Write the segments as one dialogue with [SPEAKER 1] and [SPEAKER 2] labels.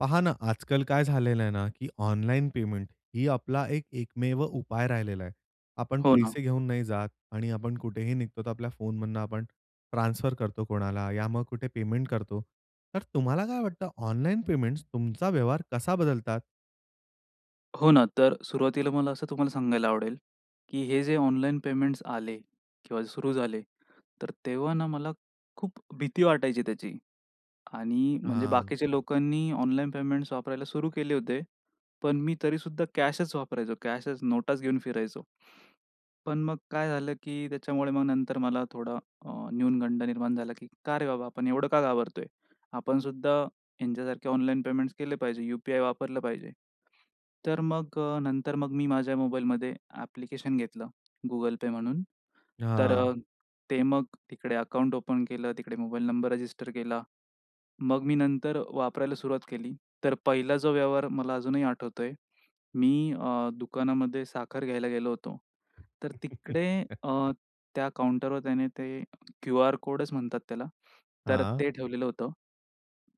[SPEAKER 1] पहा ना आजकाल काय झालेलं आहे ना, की ऑनलाईन पेमेंट ही आपला एक एकमेव उपाय राहिलेला आहे. आपण
[SPEAKER 2] हो ना.
[SPEAKER 1] पैसे घेऊन नाही जात आणि आपण कुठेही निघतो तर आपल्या फोनमधनं आपण ट्रान्सफर करतो कोणाला या मग कुठे पेमेंट करतो. तर तुम्हाला काय वाटतं ऑनलाईन पेमेंट्स तुमचा व्यवहार कसा बदलतात?
[SPEAKER 2] हो ना. तर सुरुवातीला मला असं तुम्हाला सांगायला आवडेल, की हे जे ऑनलाईन पेमेंट्स आले किंवा सुरु झाले, तर तेव्हा ना मला खूप भीती वाटायची त्याची. आणि म्हणजे
[SPEAKER 1] हां.
[SPEAKER 2] बाकीच्या लोकांनी ऑनलाईन पेमेंट्स वापरायला सुरू केले होते. पण मी तरीसुद्धा कॅशच वापरायचो. कॅशच नोटाच घेऊन फिरायचो. पण मग काय झालं की त्याच्यामुळे मग नंतर मला थोडा अ, न्यूनगंड निर्माण झाला, की का रे बाबा आपण एवढं का घाबरतोय? आपणसुद्धा ह्यांच्यासारखे ऑनलाईन पेमेंट्स केले पाहिजे. यूपीआय वापरलं पाहिजे. तर मग अ, नंतर मग मी माझ्या मोबाईलमध्ये ॲप्लिकेशन घेतलं Google Pay म्हणून. तर
[SPEAKER 1] हां.
[SPEAKER 2] अ, ते मग तिकडे अकाउंट ओपन केलं. तिकडे मोबाईल नंबर रजिस्टर केला. मग मी नंतर वापरायला सुरुवात केली, तर पहिला जो व्यवहार मला अजूनही आठवतोय. मी अ, दुकानामध्ये साखर घ्यायला गेलो होतो. तर तिकडे अ, त्या काउंटरवर त्याने ते क्यूआर कोडच म्हणतात त्याला तर
[SPEAKER 1] हां.
[SPEAKER 2] ते ठेवलेलं होतं.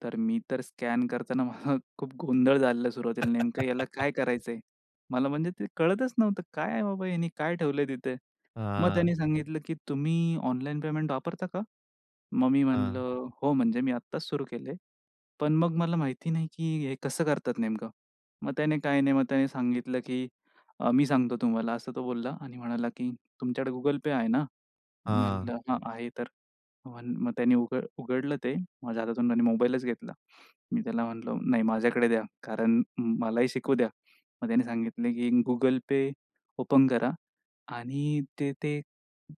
[SPEAKER 2] तर मी तर स्कॅन करताना मला खूप गोंधळ झालं सुरुवातीला नेमकं ह्याला काय करायचंय? मला म्हणजे ते कळतच नव्हतं काय आहे बाबा ह्यानी काय ठेवलंय तिथे? मग
[SPEAKER 1] हां.
[SPEAKER 2] त्यांनी सांगितलं, की "तुम्ही ऑनलाईन पेमेंट वापरता का?" मग मी
[SPEAKER 1] हां
[SPEAKER 2] म्हणलं हो, म्हणजे मी आत्ताच सुरू केलंय, पण मग मला माहिती नाही की हे कसं करतात नेमकं? मग त्याने काय नाही, मग त्याने सांगितलं, की मी सांगतो तुम्हाला असं तो बोलला आणि म्हणाला की तुमच्याकडे Google Pay आहे ना? मी
[SPEAKER 1] हां.
[SPEAKER 2] म्हंटलं हां, आहे. तर मग त्यांनी उघड उघडलं ते माझ्या हातातून त्याने मोबाईलच घेतला. मी त्याला म्हंटलं नाही माझ्याकडे द्या कारण मलाही शिकू द्या. मग त्याने सांगितले की Google Pay ओपन करा आणि ते ते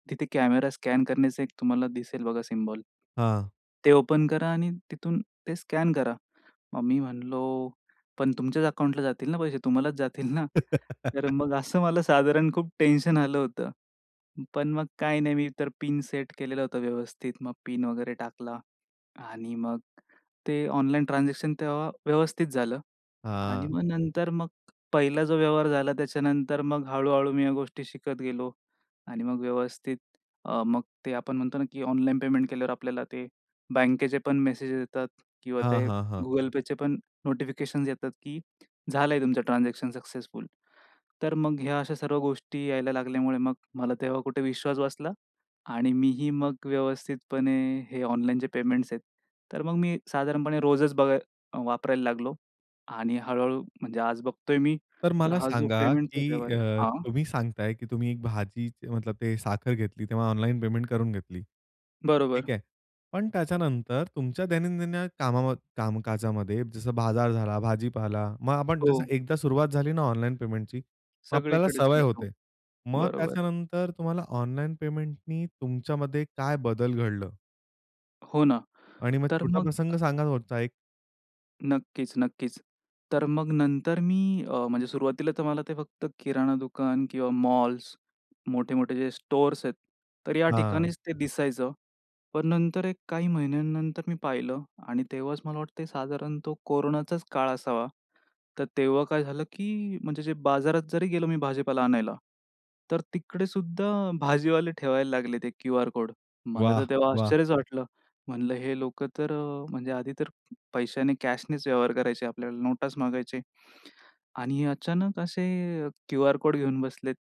[SPEAKER 2] तिथे कॅमेरा स्कॅन करण्याचं एक तुम्हाला दिसेल बघा सिम्बॉल
[SPEAKER 1] हां.
[SPEAKER 2] ते ओपन करा आणि तिथून ते स्कॅन करा. मग मी म्हणल पण तुमच्याच अकाउंटला जातील ना पैसे, तुम्हालाच जातील ना? तर मग असं मला साधारण खूप टेन्शन आलं होतं. पण मग काय नाही मी तर पिन सेट केलेलं होतं व्यवस्थित, मग पिन वगैरे टाकला आणि मग ते ऑनलाईन ट्रान्झॅक्शन तेव्हा व्यवस्थित झालं. आणि
[SPEAKER 1] हां.
[SPEAKER 2] मग नंतर मग पहिला जो व्यवहार झाला त्याच्यानंतर मग हळू-हळू मी या गोष्टी शिकत गेलो. आणि मग व्यवस्थित अ, मग ते आपण म्हणतो ना की ऑनलाईन पेमेंट केल्यावर आपल्याला ते बँकेचे पण मेसेज येतात किंवा
[SPEAKER 1] हां,
[SPEAKER 2] ते
[SPEAKER 1] हां, हां.
[SPEAKER 2] Google Payचे पण नोटिफिकेशन्स येतात की झालंय तुमचं ट्रान्झॅक्शन सक्सेसफुल, तर मग ह्या अशा सर्व गोष्टी यायला लागल्यामुळे मग मला तेव्हा कुठे विश्वास बसला. आणि मीही मग व्यवस्थितपणे हे ऑनलाईनचे पेमेंट्स आहेत. तर मग मी साधारणपणे रोजच बघाय वापरायला लागलो. आणि हळू-हळू म्हणजे आज बघतोय मी
[SPEAKER 1] तर
[SPEAKER 2] तर
[SPEAKER 1] मला
[SPEAKER 2] हा जो
[SPEAKER 1] सांगा
[SPEAKER 2] पेमेंटचा
[SPEAKER 1] की
[SPEAKER 2] व्यवहार आहे,
[SPEAKER 1] अ,
[SPEAKER 2] हां.
[SPEAKER 1] तुम्ही सांगताय की तुम्ही भाजीचे मतलब ते साखर घेतली तेव्हा ऑनलाईन पेमेंट करून घेतली,
[SPEAKER 2] बरोबर.
[SPEAKER 1] ठीक आहे. पण त्याच्यानंतर तुमच्या दैनंदिन कामाम कामकाजामध्ये जसं बाजार झाला, भाजीपाला मग आपण जसं
[SPEAKER 2] हो.
[SPEAKER 1] एकदा सुरुवात झाली ना ऑनलाईन पेमेंटची मग आपल्याला
[SPEAKER 2] सगळीकडेच
[SPEAKER 1] सवय
[SPEAKER 2] करतो,
[SPEAKER 1] होते. मग
[SPEAKER 2] बरोबर आहे.
[SPEAKER 1] त्याच्यानंतर तुम्हाला ऑनलाईन पेमेंटनी तुमच्यामध्ये काय बदल घडलं?
[SPEAKER 2] हो ना.
[SPEAKER 1] आणि मग,
[SPEAKER 2] तर
[SPEAKER 1] छोटा
[SPEAKER 2] मग
[SPEAKER 1] प्रसंग सांगा कोणता एक?
[SPEAKER 2] नक्कीच, नक्कीच. तर मग नंतर मी अ, म्हणजे सुरुवातीला तर मला ते फक्त किराणा दुकान किंवा मॉल्स, मोठे-मोठे जे स्टोअर्स आहेत. तर या
[SPEAKER 1] हां.
[SPEAKER 2] ठिकाणीच ते दिसायचं. पण नंतर एक काही महिन्यानंतर मी पाहिलं, आणि तेव्हाच मला वाटतं आहे, साधारण तो कोरोनाचाच काळ असावा. तर तेव्हा काय झालं, की म्हणजे जे बाजारात जरी गेलो मी भाजीपाला आणायला. तर तिकडे सुद्धा भाजीवाले ठेवायला लागले ते क्यूआर कोड. मला तर
[SPEAKER 1] वाह!
[SPEAKER 2] तेव्हा
[SPEAKER 1] वाह!
[SPEAKER 2] आश्चर्यच वाटलं. म्हणलं हे लोकं तर अ म्हणजे आधी तर अ, पैशाने कॅशनीच व्यवहार करायचे आपल्याला नोटच मागायचे. आणि अचानक असे क्यूआर कोड घेऊन बसलेत.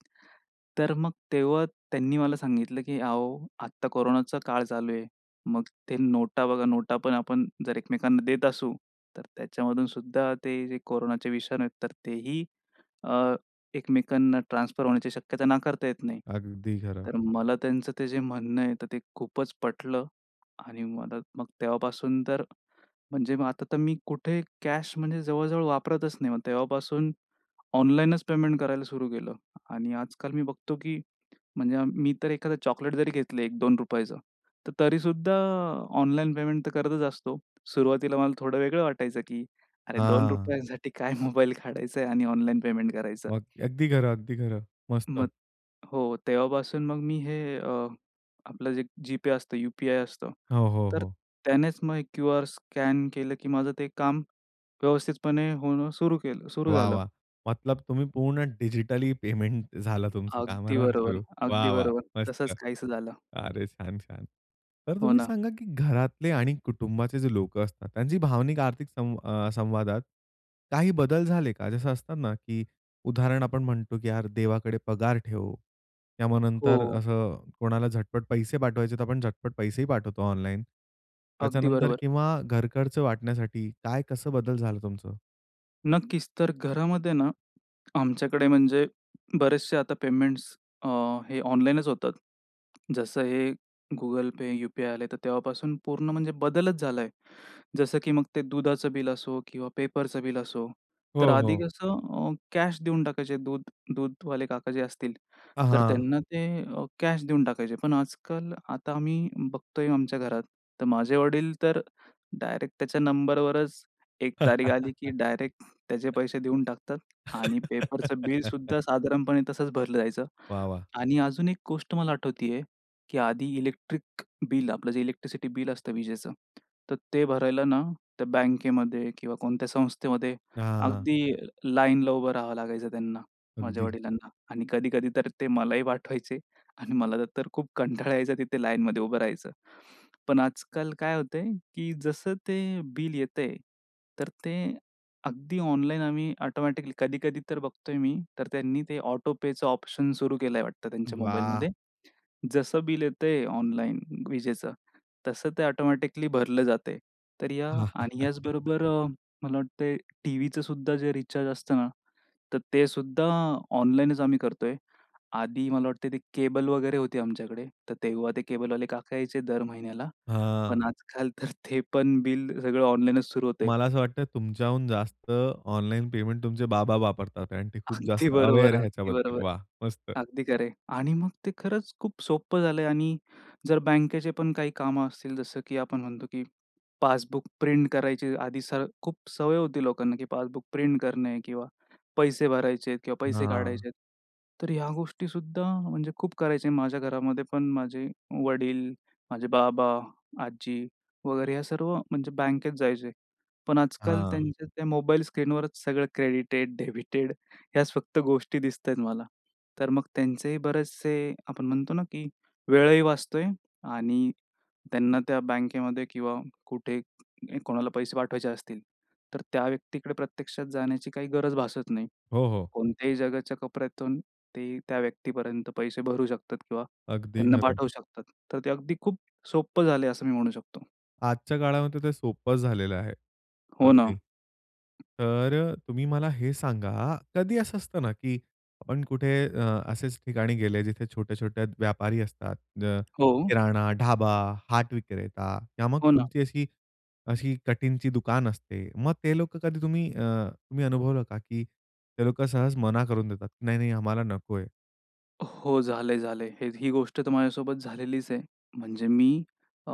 [SPEAKER 2] तर मग तेव्हा त्यांनी मला सांगितलं, की अहो आता कोरोनाचा काळ चालू आहे. मग ते नोटा बघा, नोटा पण आपण जर एकमेकांना देत असू, तर त्याच्यामधून सुद्धा ते जे कोरोनाचे विषाणू आहेत, तर तेही अ, एकमेकांना ट्रान्सफर होण्याची शक्यता नाकारता येत नाही.
[SPEAKER 1] अगदी खरं.
[SPEAKER 2] तर मला त्यांचं ते जे म्हणणं आहे, तर ते खूपच पटलं, आणि मला मग तेव्हापासून तर म्हणजे मग आता तर मी कुठे कॅश म्हणजे जवळजवळ वापरतच नाही. मग तेव्हापासून ऑनलाईनच पेमेंट करायला सुरू केलं. आणि आज-काल मी बघतो, की म्हणजे मी तर एखादं चॉकलेट जरी घेतलं, ₹1-₹2 तर तरी सुद्धा ऑनलाईन पेमेंट तर करतच असतो. सुरुवातीला मला थोडं वेगळं वाटायचं, की अरे ₹2
[SPEAKER 1] हां.
[SPEAKER 2] रुपयांसाठी काय मोबाईल काढायचा आणि ऑनलाईन पेमेंट करायचं.
[SPEAKER 1] मग अगदी खरं, अगदी खरं. मस्त.
[SPEAKER 2] मग हो, तेव्हापासून मग मी हे अ, आपलं जे GPayअसतं, यूपीआय असतं.
[SPEAKER 1] हो, हो,
[SPEAKER 2] तर
[SPEAKER 1] हो.
[SPEAKER 2] त्यानेच मग क्यूआर स्कॅन केलं, की माझं ते काम व्यवस्थितपणे होणं सुरु केलं सुरु
[SPEAKER 1] वाह!
[SPEAKER 2] झालं.
[SPEAKER 1] वाह! मतलब तुम्ही पूर्ण डिजिटली पेमेंट झालं तुमचं,
[SPEAKER 2] अगदी
[SPEAKER 1] [unintelligible]
[SPEAKER 2] बरोबर,
[SPEAKER 1] सुरू. वाह!
[SPEAKER 2] अगदी
[SPEAKER 1] वाह!
[SPEAKER 2] बरोबर. तसंच
[SPEAKER 1] मस्त.
[SPEAKER 2] काहीस झालं.
[SPEAKER 1] अरे! छान-छान. तर
[SPEAKER 2] हो
[SPEAKER 1] तुम्ही
[SPEAKER 2] ना.
[SPEAKER 1] सांगा, की घरातले आणि कुटुंबाचे जे लोकं असतात, त्यांची भावनिक, आर्थिक संव अ, संवादात काही बदल झाले का? जसं असतं ना, की उदाहरण आपण म्हणतो, की यार देवाकडे पगार ठेव, त्यामुळे नंतर
[SPEAKER 2] हो.
[SPEAKER 1] असं कोणाला झटपट पैसे पाठवायचे, तर आपण झटपट पैसे ही पाठवतो ऑनलाईन.
[SPEAKER 2] अगदी
[SPEAKER 1] त्याच्यानंतर
[SPEAKER 2] बरोबर.
[SPEAKER 1] किंवा घर खर्च वाटण्यासाठी काय कसं बदल झालं तुमचं?
[SPEAKER 2] नक्कीच. तर घरामध्ये ना, आमच्याकडे म्हणजे बरेचसे आता पेमेंट्स अ, हे ऑनलाईनचं होतात. जसं हे Google Pay, यू-पी-आय आले तर तेव्हापासून पूर्ण म्हणजे बदलच झालाय. जसं की मग ते दुधाचं बिल असो किंवा पेपरच बिल असो.
[SPEAKER 1] हो,
[SPEAKER 2] तर आधी
[SPEAKER 1] हो.
[SPEAKER 2] कसं अ, कॅश देऊन टाकायचे दूध दूधवाले काका जे असतील
[SPEAKER 1] आ,
[SPEAKER 2] तर
[SPEAKER 1] हां.
[SPEAKER 2] त्यांना ते अ, कॅश देऊन टाकायचे. पण आजकाल आता आम्ही बघतोय आमच्या घरात तर माझे वडील तर डायरेक्ट त्याच्या नंबरवरच 1 तारीख आली की डायरेक्ट त्याचे पैसे देऊन टाकतात. आणि पेपरच बिल सद्धा साधारणपणे तसंच भरलं जायचं.
[SPEAKER 1] वाह, वाह!
[SPEAKER 2] आणि अजून एक गोष्ट मला आठवतय की आधी इलेक्ट्रिक बिल, आपलं जे इलेक्ट्रिसिटी बिल असतं विजेचं. तर ते भरायला ना, तर बँकेमध्ये किंवा कोणत्या संस्थेमध्ये
[SPEAKER 1] हां.
[SPEAKER 2] अगदी लाईनला उभं राहावं लागायचं त्यांना, माझ्या
[SPEAKER 1] अगदी.
[SPEAKER 2] वडिलांना आणि कधी-कधी तर ते मलाही पाठवायचे आणि मला तर खूप कंटाळा यायचं तिथे लाईनमध्ये उभं राहायचं. पण आजकाल काय होतंय की जसं ते बिल येतंय, तर ते अगदी ऑनलाईन आम्ही ऑटोमॅटिकली कधी-कधी तर बघतोय मी तर त्यांनी ते ऑटोपेचं ऑप्शन सुरू केलंय वाटतं त्यांच्या
[SPEAKER 1] वाह!
[SPEAKER 2] मोबाईलमध्ये. जसं बिल येतंय ऑनलाईन विजेचं तसं ते ऑटोमॅटिकली भरलं जातंय. तर या आणि ह्याच बरोबर अ, मला वाटत टीव्हीचं सुद्धा जे रिचार्ज असतं ना, तर ते सुद्धा ऑनलाईनचं आम्ही करतोय. आधी मला वाटत ते केबल वगैरे होती आमच्याकडे तर तेव्हा ते केबल वाले काका यायचे दर महिन्याला.
[SPEAKER 1] हां.
[SPEAKER 2] पण आजकाल तर ते पण बिल सगळं ऑनलाईन च सुरु होतंय.
[SPEAKER 1] मला असं वाटतं तुमच्याहून जास्त ऑनलाईन पेमेंट तुमचे बाबा वापरतात आणि ते खूप
[SPEAKER 2] अगदी
[SPEAKER 1] जास्त
[SPEAKER 2] बरोबर
[SPEAKER 1] अवेअर
[SPEAKER 2] आहे. अगदी
[SPEAKER 1] ह्याच्याबद्दल.
[SPEAKER 2] बरोबर.
[SPEAKER 1] वाह मस्त.
[SPEAKER 2] अगदी खरं आहे. आणि मग ते खरंच खूप सोपं झालंय आणि जर बँकेचे पण काही कामं असतील जसं की आपण म्हणतो की पासबुक प्रिंट करायची आधी स खूप सवय होती लोकांना की पासबुक प्रिंट करणे किंवा पैसे भरायचेत किंवा पैसे
[SPEAKER 1] हां.
[SPEAKER 2] काढायचेत. तर ह्या गोष्टी सुद्धा म्हणजे खूप करायचे माझ्या घरामध्ये पण माझे वडील, माझे बाबा, आजी वगैरे ह्या सर्व म्हणजे बँकेत जायचे. पण आजकाल
[SPEAKER 1] हां.
[SPEAKER 2] त्यांच्या त्या मोबाईल स्क्रीनवरच सगळं क्रेडिटेड, डेबिटेड ह्याच फक्त गोष्टी दिसतायेत मला. तर मग त्यांचेही बरेचसे आपण म्हणतो ना, की वेळही वाचतोय आणि त्यांना त्या बँकेमध्ये किंवा कुठे कोणाला पैसे पाठवायचे असतील तर त्या व्यक्तीकडे प्रत्यक्षात जाण्याची काही गरज भासत नाही.
[SPEAKER 1] हो, हो.
[SPEAKER 2] कोणत्याही जगाच्या कोपऱ्यातून ते त्या व्यक्तीपर्यंत पैसे भरू शकतात किंवा
[SPEAKER 1] अगदी
[SPEAKER 2] त्यांना
[SPEAKER 1] खरं.
[SPEAKER 2] पाठवू शकतात. तर ते अगदी खूप सोपं झालंय असं मी म्हणू शकतो.
[SPEAKER 1] आजच्या काळामध्ये ते सोपं झालेलं आहे.
[SPEAKER 2] हो ना.
[SPEAKER 1] अगदी तर, तुम्ही मला हे सांगा, कधी असं असतं ना, की आपण कुठे अ, असेच ठिकाणी गेले जिथे छोटे-छोटे व्यापारी असतात. अ,
[SPEAKER 2] हो.
[SPEAKER 1] किराणा, ढाबा, हाट विक्रेता, किंवा मग
[SPEAKER 2] हो, ना.
[SPEAKER 1] कुठची अशी अशी कटिंगची दुकान असते. मग ते लोकं कधी तुम्ही अ, तुम्ही अनुभवलं का? की ते लोकं सहज मना करून देतात नाही-नाही आम्हाला नको आहे.
[SPEAKER 2] हो. झालंय-झालंय. हे ही गोष्ट तर माझ्यासोबत झालेलीच आहे. म्हणजे मी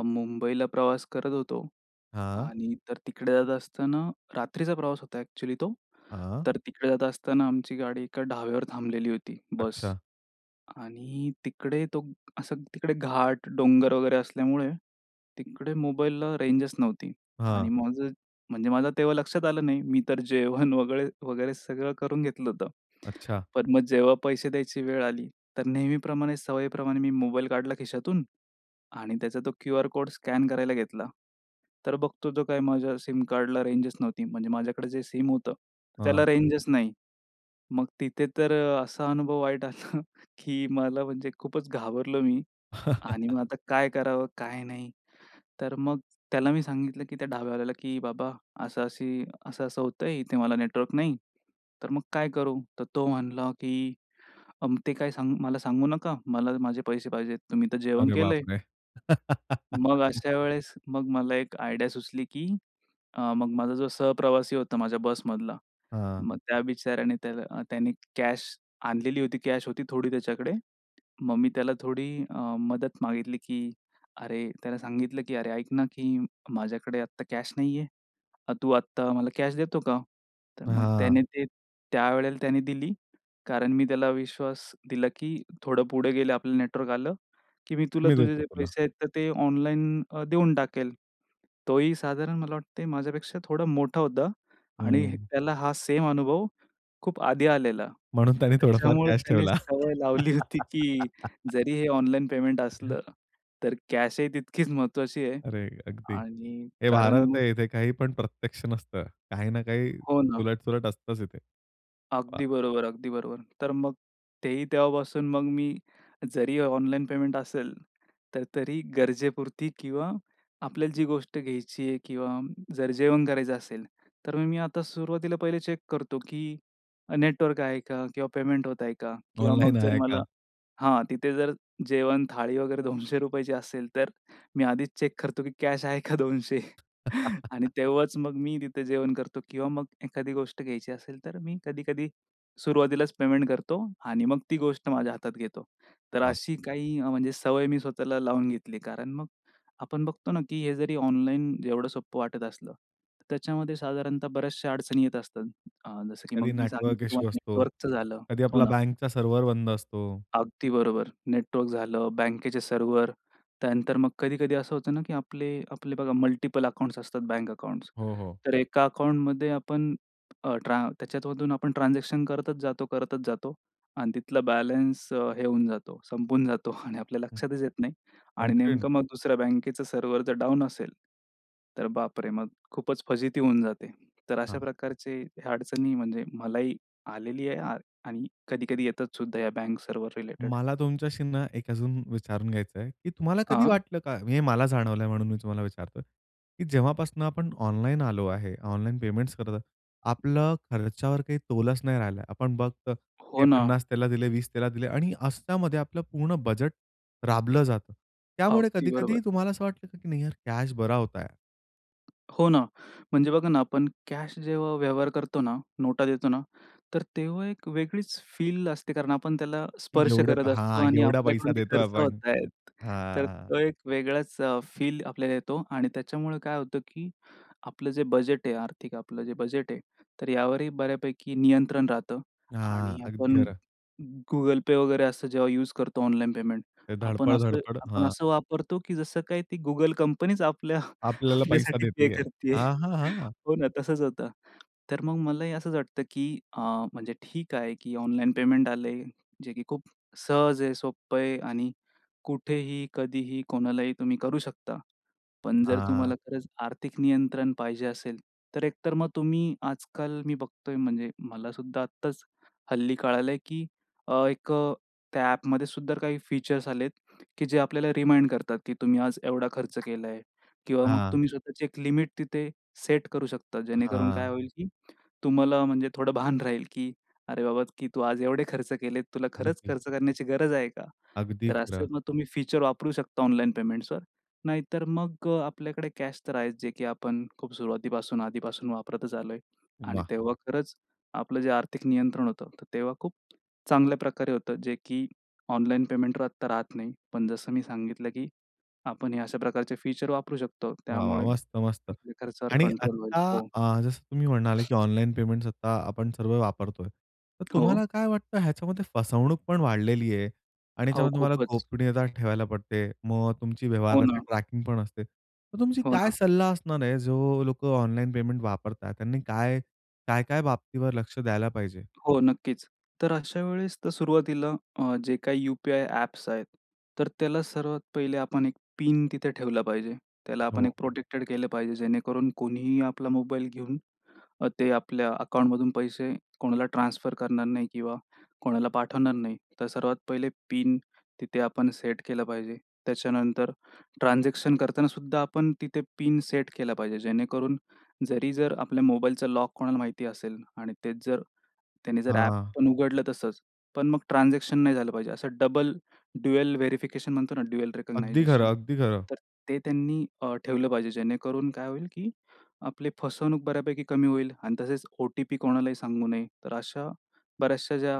[SPEAKER 2] मुंबईला प्रवास करत होतो
[SPEAKER 1] हां.
[SPEAKER 2] आणि तर तिकडे जात असताना रात्रीचा प्रवास होता एक्चुअली तो.
[SPEAKER 1] हां.
[SPEAKER 2] तर तिकडे जात असताना आमची गाडी एका ढाब्यावर थांबलेली होती. बस
[SPEAKER 1] अच्छा.
[SPEAKER 2] आणि तिकडे तो असं तिकडे घाट, डोंगर वगैरे असल्यामुळे तिकडे मोबाईलला रेंजच नव्हती आणि
[SPEAKER 1] हां.
[SPEAKER 2] माझं म्हणजे माझं तेव्हा लक्षात आलं नाही. मी तर जेवण वगैरे-वगैरे सगळं करून घेतलं होतं.
[SPEAKER 1] अच्छा.
[SPEAKER 2] पण मग जेव्हा पैसे द्यायची वेळ आली तर नेहमीप्रमाणे सवयीप्रमाणे मी मोबाईल काढला खिशातून आणि त्याचा तो क्यूआर कोड स्कॅन करायला घेतला. तर बघतो तो काय माझ्या सिम कार्डला रेंजच नव्हती. म्हणजे माझ्याकडे जे सिम होतं
[SPEAKER 1] हां.
[SPEAKER 2] त्याला रेंजच नाही. मग तिथे तर असा अनुभव वाईट आला, की मला म्हणजे खूपच घाबरलो मी आणि मग आता काय करावं? काय नाही. तर मग त्याला मी सांगितलं, की त्या ढाब्यावाल्याला, की "बाबा असं अशी असं-असं होतंय इथे मला नेटवर्क नाही. तर मग काय करू?" तर तो म्हणला की "ते काय मला सांगू नका. मला माझे पैसे पाहिजेत. तुम्ही तर जेवण
[SPEAKER 1] अरे बाप
[SPEAKER 2] केलंय."
[SPEAKER 1] रे!
[SPEAKER 2] मग अशा वेळेस, मग मला एक आयडिया सुचली, की अ मग माझा जो सहप्रवासी होता, माझ्या बस मधला,
[SPEAKER 1] हां.
[SPEAKER 2] मग त्या बिचाऱ्याने त्याला त्याने कॅश आणलेली होती, कॅश होती थोडी त्याच्याकडे. मग मी त्याला थोडी अ, मदत मागितली, की अरे, त्याला सांगितलं, की "अरे ऐक ना, की माझ्याकडे आत्ता कॅश नाहीये. तू आत्ता मला कॅश देतो का?" तर मग
[SPEAKER 1] हां.
[SPEAKER 2] त्याने ते त्यावेळेला त्याने दिली कारण मी त्याला विश्वास दिला, की "थोडं पुढे गेलं आपलं नेटवर्क आलं, की मी तुला
[SPEAKER 1] मी
[SPEAKER 2] तुझे
[SPEAKER 1] देतो
[SPEAKER 2] जे
[SPEAKER 1] तुला.
[SPEAKER 2] पैसे आहेत तर ते ऑनलाईन देऊन टाकेल." तोही साधारण मला वाटतंय माझ्यापेक्षा थोडा मोठा होता आणि
[SPEAKER 1] हं.
[SPEAKER 2] त्याला हा सेम अनुभव खूप आधी आलेला.
[SPEAKER 1] म्हणून
[SPEAKER 2] तर
[SPEAKER 1] त्याने थोडाफार
[SPEAKER 2] त्याच्यामुळे
[SPEAKER 1] कॅश
[SPEAKER 2] त्याने
[SPEAKER 1] ठेवला.
[SPEAKER 2] सवय लावली होती, की जरी हे ऑनलाईन पेमेंट असलं तर कॅशही तितकीच महत्त्वाची आहे
[SPEAKER 1] अरे! अगदी,
[SPEAKER 2] आणि
[SPEAKER 1] हे
[SPEAKER 2] कारण
[SPEAKER 1] भारत
[SPEAKER 2] मग
[SPEAKER 1] आहे इथे काही पण प्रत्यक्ष नसतं. काही ना काही
[SPEAKER 2] हो, ना.
[SPEAKER 1] उलट-सुलट असतंच इथे. वा!
[SPEAKER 2] अगदी बरोबर अगदी बरोबर. तर मग तेही तेव्हापासून मग मी जरी ऑनलाईन पेमेंट असेल तर तरी गरजेपुरती किंवा आपल्याला जी गोष्ट घ्यायची आहे किंवा जर जेवण करायचं असेल, तर मग मी आता सुरुवातीला पहिले चेक करतो, की नेटवर्क आहे का? किंवा पेमेंट होतंय का? किंवा
[SPEAKER 1] ऑनलाईन
[SPEAKER 2] मग जर
[SPEAKER 1] आहे
[SPEAKER 2] मला,
[SPEAKER 1] का?
[SPEAKER 2] हां तिथे जर जेवण थाळी वगैरे ₹200 असेल तर मी आधीच चेक करतो, की कॅश आहे का 200? आणि तेव्हाच मग मी तिथे जेवण करतो किंवा मग एखादी गोष्ट घ्यायची असेल, तर मी कधी-कधी सुरुवातीलाच पेमेंट करतो आणि मग ती गोष्ट माझ्या हातात घेतो. तर
[SPEAKER 1] वा!
[SPEAKER 2] अशी काही म्हणजे सवय मी स्वतःला लावून घेतली. कारण मग आपण बघतो ना, की हे जरी ऑनलाईन एवढं सोपं वाटत असलं तर त्याच्यामध्ये साधारणतः बऱ्याचश्या अडचणी येत असतात. जसं, की
[SPEAKER 1] कधी
[SPEAKER 2] मग मी
[SPEAKER 1] नेटवर्क
[SPEAKER 2] सांगितलं
[SPEAKER 1] इश्यू
[SPEAKER 2] तुम्हाला
[SPEAKER 1] असतो,
[SPEAKER 2] नेटवर्कचं झालं.
[SPEAKER 1] कधी
[SPEAKER 2] हो,
[SPEAKER 1] आपला
[SPEAKER 2] ना.
[SPEAKER 1] बँकचा सर्व्हर बंद असतो.
[SPEAKER 2] अगदी बरोबर. नेटवर्क झालं, बँकेचे सर्व्हर, त्यानंतर मग कधी-कधी असं होतं ना, की आपले आपले बघा मल्टिपल अकाउंट्स असतात, बँक अकाउंट्स.
[SPEAKER 1] हो, हो.
[SPEAKER 2] तर एका अकाउंट मध्ये आपण अ, ट्रा त्याच्यामधून आपण ट्रान्झॅक्शन करतच जातो करतच जातो आणि तिथला बॅलन्स हे होऊन जातो, संपून जातो आणि आपल्या
[SPEAKER 1] हं.
[SPEAKER 2] लक्षातच येत नाही आणि
[SPEAKER 1] आणखीन
[SPEAKER 2] नेमकं मग दुसऱ्या बँकेचं सर्व्हर जर डाउन असेल, तर बापरे! मग खूपच फजिती होऊन जाते. तर अशा
[SPEAKER 1] हां.
[SPEAKER 2] प्रकारचे अडचणी म्हणजे मलाही आलेली आहे आणि कधी-कधी येतात सुद्धा या बँक सर्व्हर रिलेटेड.
[SPEAKER 1] मला तुमच्याशी ना एक अजून विचारून घ्यायचं आहे, कि तुम्हाला कधी
[SPEAKER 2] अं?
[SPEAKER 1] वाटलं का? हे मला जाणवलंय म्हणून मी तुम्हाला विचारतोय, कि जेव्हापासून आपण ऑनलाईन आलो आहे. ऑनलाईन पेमेंट्स करत आपलं खर्चावर काही तोलच नाही राहिलं. आपण फक्त हे
[SPEAKER 2] हो, ना.
[SPEAKER 1] 50 त्याला दिले, 20 त्याला दिले आणि अशामध्ये आपलं पूर्ण बजेट राबलं जातं. त्यामुळे
[SPEAKER 2] अगदी
[SPEAKER 1] कधी-कधी
[SPEAKER 2] बरोबर.
[SPEAKER 1] तुम्हाला असं वाटलं, की नाही यार कॅश बरा होता यार.
[SPEAKER 2] हो ना. म्हणजे बघा ना आपण कॅश जेव्हा व्यवहार करतो ना, नोटा देतो ना तर तेव्हा एक वेगळीच फील असते कारण आपण त्याला स्पर्श
[SPEAKER 1] एवढं
[SPEAKER 2] करत असतो
[SPEAKER 1] हां,
[SPEAKER 2] आणि
[SPEAKER 1] एवढा पैसा
[SPEAKER 2] आपल्याकडून ते
[SPEAKER 1] देतोय
[SPEAKER 2] खर्च
[SPEAKER 1] आपण.
[SPEAKER 2] होत आहेत. तर
[SPEAKER 1] हां.
[SPEAKER 2] तो एक वेगळाच अ, फील आपल्याला येतो आणि त्याच्यामुळे काय होतं की आपलं जे बजेट आहे आर्थिक आपलं जे बजेट आहे, तर यावरही बऱ्यापैकी नियंत्रण राहतं.
[SPEAKER 1] हां,
[SPEAKER 2] आणि
[SPEAKER 1] अगदी
[SPEAKER 2] आपण
[SPEAKER 1] खरं.
[SPEAKER 2] Google Pay वगैरे असं जेव्हा यूज करतो, ऑनलाईन पेमेंट
[SPEAKER 1] ते
[SPEAKER 2] आपण
[SPEAKER 1] धडपड,
[SPEAKER 2] असं,
[SPEAKER 1] धडपड.
[SPEAKER 2] आपण
[SPEAKER 1] हां.
[SPEAKER 2] असं वापरतो की जसं काही ती Google कंपनीच आपल्या
[SPEAKER 1] आपल्याला पैसा
[SPEAKER 2] आपल्यासाठी पे
[SPEAKER 1] देते आहे
[SPEAKER 2] करतीये.
[SPEAKER 1] हां, हां, हां.
[SPEAKER 2] हो ना, तसंच होतं. तर मग मलाही असंच वाटतं की अ, म्हणजे ठीक आहे की ऑनलाईन पेमेंट आलंय. जे की खूप सहज आहे, सोप्पंय आणि कुठेही कधीही कोणालाही तुम्ही करू शकता. पण जर
[SPEAKER 1] हां.
[SPEAKER 2] तुम्हाला खरंच आर्थिक नियंत्रण पाहिजे असेल, तर एक तर मग तुम्ही आजकाल मी बघतोय म्हणजे मलासुद्धा आत्ताच हल्ली कळालं की अ, एक अ, त्या ॲपमध्येसुद्धा काही फीचर्स आलेत की जे आपल्याला रिमाइंड करतात की तुम्ही आज एवढा खर्च केलाय किंवा मग
[SPEAKER 1] हां.
[SPEAKER 2] तुम्ही स्वतःची एक लिमिट तिथे सेट करू शकता. जेणेकरून काय
[SPEAKER 1] हां.
[SPEAKER 2] होईल की तुम्हाला म्हणजे थोडं भान राहील की "अरे बाबा की तू आज एवढे खर्च केलेत. तुला खरंच
[SPEAKER 1] अगदी.
[SPEAKER 2] खर्च करण्याची गरज आहे का?"
[SPEAKER 1] अगदी
[SPEAKER 2] तर असे
[SPEAKER 1] खरं.
[SPEAKER 2] मग तुम्ही फीचर वापरू शकता ऑनलाईन पेमेंट्सवर. नाहीतर मग अ, आपल्याकडे कॅश तर आहेच जे की आपण खूप सुरुवातीपासून आधीपासून वापरतच आलोय आणि
[SPEAKER 1] वाह!
[SPEAKER 2] तेव्हा खरंच आपलं जे आर्थिक नियंत्रण होतं तर तेव्हा खूप चांगल्याप्रकारे होतं जे की ऑनलाईन पेमेंटवर आता राहत नाही. पण जसं मी सांगितलं की आपण हे अशा प्रकारचे फीचर्स वापरू शकतो.
[SPEAKER 1] वाह! वाह!
[SPEAKER 2] त्यामुळे
[SPEAKER 1] मस्त, मस्त.
[SPEAKER 2] खर्चावर
[SPEAKER 1] आणि
[SPEAKER 2] कंट्रोल होईल.
[SPEAKER 1] आत्ता
[SPEAKER 2] हो.
[SPEAKER 1] अ, जसं तुम्ही म्हणाले की ऑनलाईन पेमेंट्स आत्ता आपण सर्व वापरतोय. तर
[SPEAKER 2] हो.
[SPEAKER 1] तुम्हाला काय वाटतं ह्याच्यामध्ये फसवणूक पण वाढलेली आहे आणि
[SPEAKER 2] अहो
[SPEAKER 1] ह्याच्यामध्ये तुम्हाला
[SPEAKER 2] खूपच.
[SPEAKER 1] गोपनीयता ठेवायला पडते, मग तुमची
[SPEAKER 2] हो
[SPEAKER 1] व्यवहाराची
[SPEAKER 2] ना.
[SPEAKER 1] ट्रॅकिंग पण असते. मग तुमची
[SPEAKER 2] हो
[SPEAKER 1] काय
[SPEAKER 2] ना.
[SPEAKER 1] सल्ला असणार आहे जो लोकं ऑनलाईन पेमेंट वापरतात त्यांनी काय, काय-काय बाबतीवर लक्ष द्यायला पाहिजे?
[SPEAKER 2] हो नक्कीच. तर अशा वेळेस तर सुरुवातीला अ, जे काही यू-पी-आय ॲप्स आहेत, तर त्याला सर्वात पहिले आपण एक पिन तिथे ठेवला पाहिजे. त्याला आपण एक
[SPEAKER 1] हो.
[SPEAKER 2] प्रोटेक्टेड केलं पाहिजे, जेणेकरून कोणीही आपला मोबाईल घेऊन अ, ते आपल्या अकाउंटमधून पैसे कोणाला ट्रान्सफर करणार नाही किंवा कोणाला पाठवणार नाही. तर सर्वात पहिले पिन तिथे आपण सेट केलं पाहिजे. त्याच्यानंतर ट्रान्झॅक्शन करतानासुद्धा आपण तिथे पिन सेट केला पाहिजे. जेणेकरून जरी जर आपल्या मोबाईलचा लॉक कोणाला माहिती असेल आणि तेच जर त्यांनी जर ॲप
[SPEAKER 1] हां.
[SPEAKER 2] पण उघडलं तसंच. पण मग ट्रान्झॅक्शन नाही झालं पाहिजे. असं डबल ड्युअल व्हेरिफिकेशन म्हणतो ना, ड्युअल
[SPEAKER 1] अगदी खरं,
[SPEAKER 2] रिकॉगनायझेशन
[SPEAKER 1] अगदी खरं.
[SPEAKER 2] तर ते त्यांनी अ, ठेवलं पाहिजे जेणेकरून काय होईल की आपली फसवणूक बऱ्यापैकी कमी होईल आणि तसेच ओ-टी-पी कोणालाही सांगू नये. तर अशा बऱ्याचश्या ज्या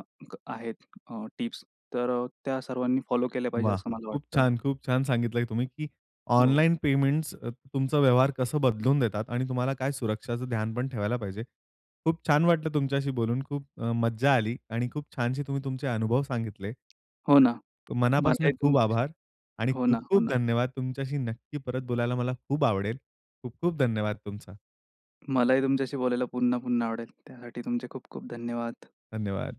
[SPEAKER 2] आहेत अ, टिप्स तर अ, त्या सर्वांनी फॉलो केल्या पाहिजे
[SPEAKER 1] वाह!
[SPEAKER 2] असं मला
[SPEAKER 1] खूप
[SPEAKER 2] वाटतं.
[SPEAKER 1] छान, खूप छान सांगितलंय तुम्ही की
[SPEAKER 2] हो.
[SPEAKER 1] ऑनलाईन पेमेंट्स अ, तुमचा व्यवहार कसं बदलून देतात आणि तुम्हाला काय सुरक्षाच ध्यान पण ठेवायला पाहिजे. खूप छान वाटलं तुमच्याशी बोलून खूप अ, मज्जा आली आणि खूप छानशी तुम्ही तुमचे अनुभव सांगितले.
[SPEAKER 2] हो ना. मला
[SPEAKER 1] मनापासून
[SPEAKER 2] एक
[SPEAKER 1] खूप
[SPEAKER 2] तुमच्याशी
[SPEAKER 1] आभार आणि
[SPEAKER 2] हो ना, हो
[SPEAKER 1] खूप-खूप
[SPEAKER 2] ना.
[SPEAKER 1] धन्यवाद. तुमच्याशी नक्की परत बोलायला मला खूप आवडेल. खूप-खूप धन्यवाद तुमचा.
[SPEAKER 2] मलाही तुमच्याशी बोलायला पुन्हा-पुन्हा आवडेल. त्यासाठी तुमचे खूप-खूप धन्यवाद.
[SPEAKER 1] धन्यवाद.